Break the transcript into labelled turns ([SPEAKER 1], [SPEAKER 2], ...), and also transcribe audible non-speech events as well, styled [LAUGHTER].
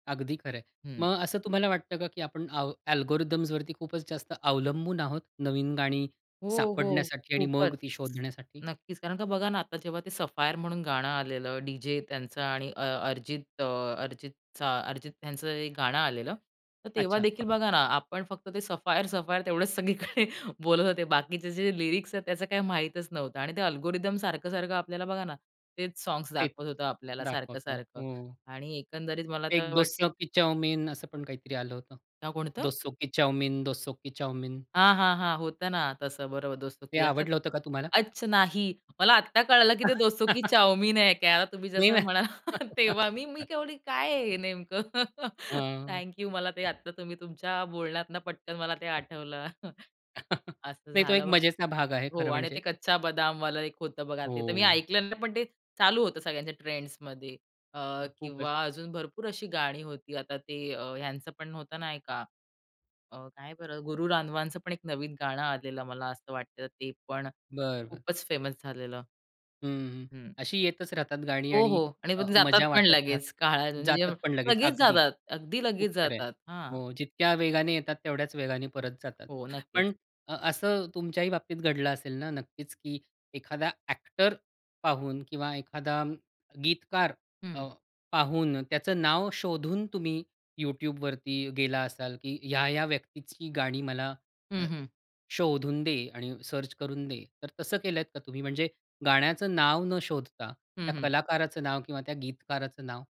[SPEAKER 1] अगदी खरं आहे.
[SPEAKER 2] हं.
[SPEAKER 1] मग असं तुम्हाला वाटतं का की आपण आव अल्गोरिथम्सवरती खूपच जास्त अवलंबून आहोत. नवीन गाणी
[SPEAKER 2] हो, हो,
[SPEAKER 1] सापडण्यासाठी आणि
[SPEAKER 2] खूपच,
[SPEAKER 1] मग ती शोधण्यासाठी?
[SPEAKER 2] नक्कीच कारण का बघा ना, आता जेव्हा ते सफायर म्हणून गाणं आलेलं डी जे त्यांचा आणि अ अर्जित अ, अर्जितचा, अर्जित यांचं एक गाणं आलेलं तर
[SPEAKER 1] अच्छा.
[SPEAKER 2] तेव्हादेखील बघा ना, आपण फक्त ते सफायर-सफायर तेवढेच सगळीकडे बोलत होते. बाकीचे जे लिरिक्स आहेत त्याचं काही माहीतच नव्हतं आणि ते अल्गोरिदम सारखं-सारखं आपल्याला बघा ना, तेच सॉन्ग्स
[SPEAKER 1] तेच,
[SPEAKER 2] दाखवत होतं आपल्याला
[SPEAKER 1] दाखवतो
[SPEAKER 2] सारखं-सारखं
[SPEAKER 1] हो.
[SPEAKER 2] आणि एकंदरीत मला
[SPEAKER 1] "एक
[SPEAKER 2] तर
[SPEAKER 1] दोस्तों
[SPEAKER 2] वाटते
[SPEAKER 1] की चाउमीन." असं पण काहीतरी आलं होतं.
[SPEAKER 2] नाव कोणतं?
[SPEAKER 1] "दोस्तों की चाउमीन, दोस्तों की चाऊमीन."
[SPEAKER 2] हां, हां, हां, होतं ना. तसं बरोबर दोस्तों
[SPEAKER 1] हे
[SPEAKER 2] की [UNINTELLIGIBLE]
[SPEAKER 1] आवडलं होतं का तुम्हाला?
[SPEAKER 2] अच नाही. मला आत्ता कळालं की ते दोस्तों की
[SPEAKER 1] [CHUCKLES]
[SPEAKER 2] चाऊमीन आहे काय, तुम्ही
[SPEAKER 1] नाही
[SPEAKER 2] जसं
[SPEAKER 1] ना.
[SPEAKER 2] [CHUCKLES] म्हणाला तेव्हा. मी मी
[SPEAKER 1] [LAUGHS]
[SPEAKER 2] केवढी काय आहे हे नेमकं? [CHUCKLES]
[SPEAKER 1] हां.
[SPEAKER 2] Thank you. मला ते आता ते तुम्ही तुमच्या बोलण्यातनं पटकन मला ते आठवलं. [CHUCKLES]
[SPEAKER 1] [CHUCKLES]
[SPEAKER 2] असं
[SPEAKER 1] नाही तो एक
[SPEAKER 2] झालं बघ
[SPEAKER 1] मजेचा भाग आहे
[SPEAKER 2] हो
[SPEAKER 1] खरं
[SPEAKER 2] आणि
[SPEAKER 1] म्हणजे.
[SPEAKER 2] ते कच्चा बदामवालं एक होतं बघा. ते तर मी
[SPEAKER 1] हो.
[SPEAKER 2] ऐकलं नाही, पण ते चालू होतं सगळ्यांच्या ट्रेंड्समधी अ,
[SPEAKER 1] खूपच.
[SPEAKER 2] किंवा अजून भरपूर अशी गाणी होती. आता ते अ, ह्यांचं पण होतं नाही का? अ, काय बरं, गुरु राधवांच पण एक नवीन गाणं आलेलं मला असं वाटतं. ते पण अ,
[SPEAKER 1] बरं, बरं.
[SPEAKER 2] खूपच फेमस झालेलं.
[SPEAKER 1] हं, हं.
[SPEAKER 2] हं.
[SPEAKER 1] अशी येतच राहतात गाणी
[SPEAKER 2] हो,
[SPEAKER 1] आणि
[SPEAKER 2] हो आणि
[SPEAKER 1] अ,
[SPEAKER 2] मग जातात
[SPEAKER 1] मजा
[SPEAKER 2] पण
[SPEAKER 1] वाटत
[SPEAKER 2] लगेच, काळा
[SPEAKER 1] राहतात जातात
[SPEAKER 2] [UNINTELLIGIBLE]
[SPEAKER 1] पण लगेच
[SPEAKER 2] लगेच
[SPEAKER 1] अगदी,
[SPEAKER 2] जातात. अगदी
[SPEAKER 1] खूप
[SPEAKER 2] लगेच
[SPEAKER 1] सारे आहे
[SPEAKER 2] जातात हां.
[SPEAKER 1] हो, जितक्या वेगाने येतात तेवढ्याच वेगाने परत जातात.
[SPEAKER 2] हो, नक्कीच.
[SPEAKER 1] पण अ, असं तुमच्याही बाबतीत घडलं असेल ना, नक्कीच की एखादा अ‍ॅक्टर पाहून किंवा एखादा अ, गीतकार
[SPEAKER 2] हं.
[SPEAKER 1] अ, पाहून त्याचं नाव शोधून, तुम्ही YouTubeवरती गेला असाल, की ह्या-ह्या व्यक्तीची गाणी मला अ,
[SPEAKER 2] हं, हं.
[SPEAKER 1] शोधून दे आणि सर्च करून दे. तर तसं केलत का तुम्ही म्हणजे गाण्याचं नाव न शोधता,
[SPEAKER 2] हं,
[SPEAKER 1] त्या
[SPEAKER 2] हं.
[SPEAKER 1] कलाकाराचं नाव किंवा त्या गीतकाराचं नाव?